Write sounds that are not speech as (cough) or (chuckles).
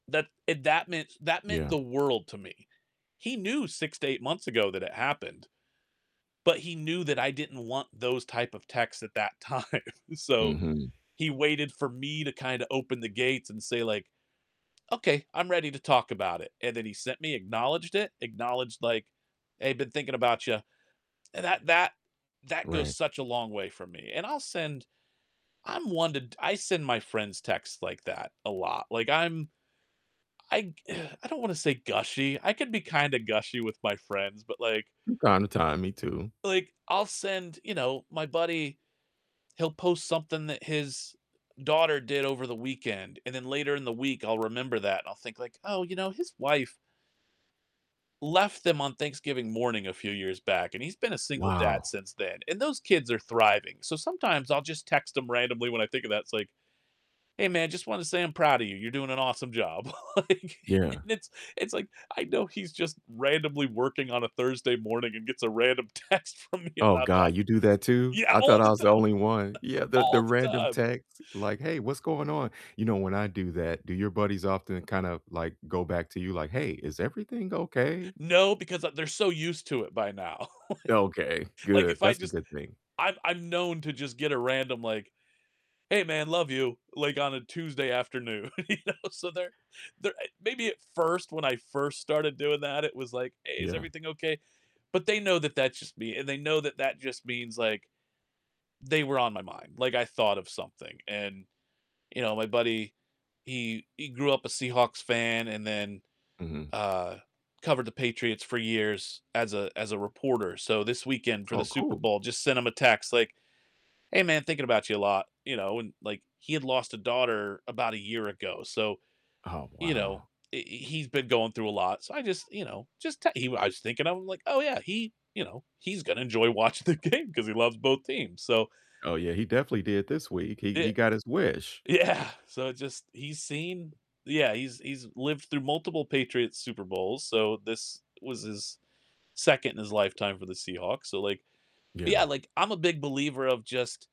That it that meant that meant Yeah. the world to me. He knew 6 to 8 months ago that it happened, but he knew that I didn't want those type of texts at that time, so Mhm. he waited for me to kinda open the gates and say, like, "Okay, I'm ready to talk about it," and then he sent me, acknowledged it, acknowledged like, "Hey, been thinking about you," and that that that goes Right. such a long way for me, and I'll send I'm one t I send my friends texts like that a lot, like, I'm I (sighs) I don't wanna say gushy. I can be kinda gushy with my friends, but like From time to time, me too. like, I'll send you know, my buddy, he'll post something that his daughter did over the weekend, and then later in the week I'll remember that and I'll think like, "Oh, you know, his wife" "left them on Thanksgiving morning a few years back, and he's been a single dad Wow. since then, and those kids are thriving." So sometimes I'll just text him randomly when I think of that. It's like, "Hey, man, just wanted to say I'm proud of you. You're doing an awesome job," like, Yeah. and it's it's like I know he's just randomly working on a Thursday morning and gets a random text from me Oh, about that. god, you do that too? Yeah, I all thought I the was the time. only one. Yeah, the the All the random time. texts like, "Hey, what's going on?" You know when I do that, do your buddies often kind of like go back to you like, "Hey, is everything okay?" No, because, uh, they're so used to it by now. (chuckles) Okay, Like, good. if I That's a just good thing. I'm I'm known to just get a random like, "Hey, man, love you," like on a Tuesday afternoon, you know? So they're, they're, eh, maybe at first when I first started doing that it was like, "Hey, is Yeah. everything okay?" but they know that that's just me, and they know that that just means, like, they were on my mind. Like, I thought of something and, you know, my buddy, he he grew up a Seahawks fan and then, Mhm. uh, covered the Patriots for years as a as a reporter. So this weekend for the Oh, Super cool. Bowl just sent him a text like, "Hey, man, thinking about you a lot," you know, and like, he had lost a daughter about a year ago, so, Oh, you know, wow. i he's been going through a lot, so I just, you know, just te he I was thinking of him like, "Oh yeah, he you know, he's gonna enjoy watching the game 'cause he loves both teams," so Oh, yeah, he definitely did this week. He he It got his wish. Yeah. So just, he's seen Yeah, he's he's lived through multiple Patriots Super Bowls, so this was his second in his lifetime for the Seahawks, so like but yeah, Yeah. like, I'm a big believer of just